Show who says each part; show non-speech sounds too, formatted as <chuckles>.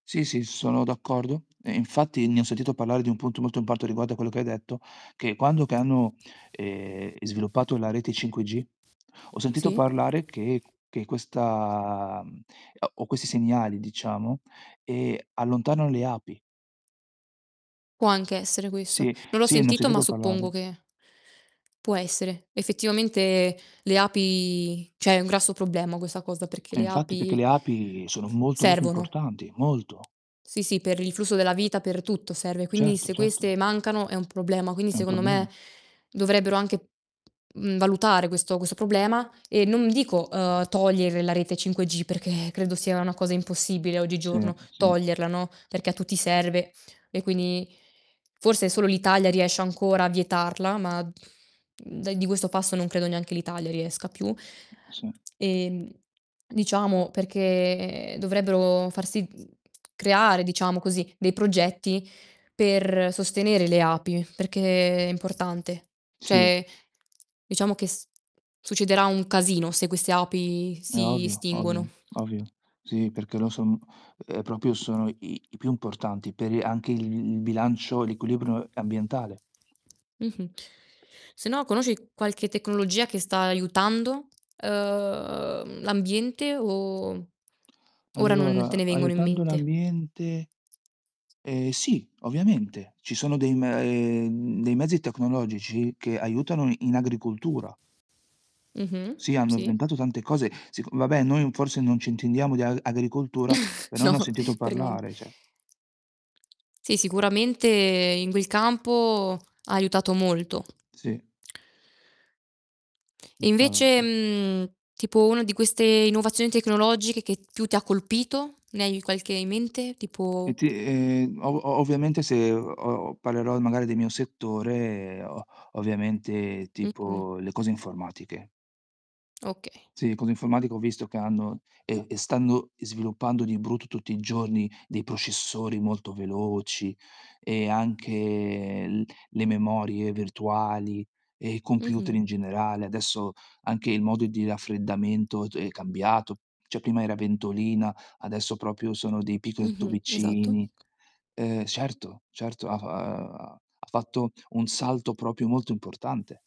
Speaker 1: Sì, sì, sono d'accordo. E infatti ne ho sentito parlare di un punto molto <unintelligible> riguardo a quello che hai detto, che quando che hanno, ehm, sviluppato la rete 5G, ho sentito
Speaker 2: Sì?
Speaker 1: parlare che che questa o questi segnali diciamo, ehm, allontanano le api.
Speaker 2: Può anche essere questo.
Speaker 1: Sì,
Speaker 2: Non l'ho
Speaker 1: sì ne ho
Speaker 2: sentito, ma
Speaker 1: sentito
Speaker 2: suppongo
Speaker 1: parlare.
Speaker 2: che può essere. Effettivamente le api cioè è un grosso problema questa cosa, perché
Speaker 1: Eh,
Speaker 2: le
Speaker 1: infatti perché
Speaker 2: api
Speaker 1: le
Speaker 2: ts
Speaker 1: api sono molto, molto
Speaker 2: servono.
Speaker 1: importanti, molto.
Speaker 2: Sì, sì, per il flusso della vita, per tutto serve. Quindi
Speaker 1: Certo,
Speaker 2: se queste
Speaker 1: certo.
Speaker 2: mancano è un problema. Quindi
Speaker 1: È un
Speaker 2: secondo
Speaker 1: problema.
Speaker 2: me dovrebbero anche, uhm, valutare questo questo problema e non dico, uhm, togliere la rete 5G perché credo sia una cosa impossibile
Speaker 1: Sì,
Speaker 2: oggigiorno
Speaker 1: sì.
Speaker 2: toglierla, no, perché a tutti serve e quindi forse solo l'Italia riesce ancora a vietarla, ma da di questo passo non credo neanche l'Italia riesca più.
Speaker 1: Sì.
Speaker 2: Ehm, diciamo perché dovrebbero far si creare, diciamo così, dei progetti per sostenere le api perché è importante.
Speaker 1: Sì.
Speaker 2: Cioè diciamo che s succederà un casino se queste api
Speaker 1: È
Speaker 2: si
Speaker 1: ovvio,
Speaker 2: estinguono.
Speaker 1: ovvio, ovvio. Sì perché lo sono uhm, proprio sono i i più importanti per anche i il bilancio, l'equilibrio ambientale.
Speaker 2: Mh-mh. Se no conosci qualche tecnologia che sta aiutando, uhm, l'ambiente o ora non te
Speaker 1: Allora,
Speaker 2: ne vengono in
Speaker 1: aiutando
Speaker 2: mente?
Speaker 1: l'ambiente ehm, sì ovviamente. Ci sono dei m ehm, dei mezzi tecnologici che aiutano in agricoltura.
Speaker 2: Mh-mh,
Speaker 1: Sì, hanno
Speaker 2: sì.
Speaker 1: inventato tante cose, seco vabbè noi forse non ci intendiamo di a agricoltura,
Speaker 2: <chuckles>
Speaker 1: però ne
Speaker 2: No,
Speaker 1: ho sentito
Speaker 2: per nien
Speaker 1: parlare cioè
Speaker 2: Sì, sicuramente in quel campo ha aiutato molto.
Speaker 1: Sì.
Speaker 2: E invece,
Speaker 1: Infatti.
Speaker 2: mhmm, tipo uno di queste innovazioni tecnologiche che più ti ha colpito? Ne hai qualche in mente?
Speaker 1: E
Speaker 2: Tipo
Speaker 1: ti ehm o o ovviamente se o parlerò magari del mio settore, o ovviamente,
Speaker 2: Mh-mh.
Speaker 1: tipo le cose informatiche.
Speaker 2: Okay.
Speaker 1: Sì, le cose informatiche ho visto che hanno e e stanno sviluppando di brutto tutti i giorni dei processori molto veloci e anche l le memorie virtuali e computer
Speaker 2: Mh-mh.
Speaker 1: in generale. Adesso, anche il modo di raffreddamento d è cambiato, cioè prima era ventolina, adesso proprio sono dei picco
Speaker 2: Mh-mh, esatto.
Speaker 1: tubicini. Ehm certo, certo ha f ha ha fatto un salto proprio molto importante.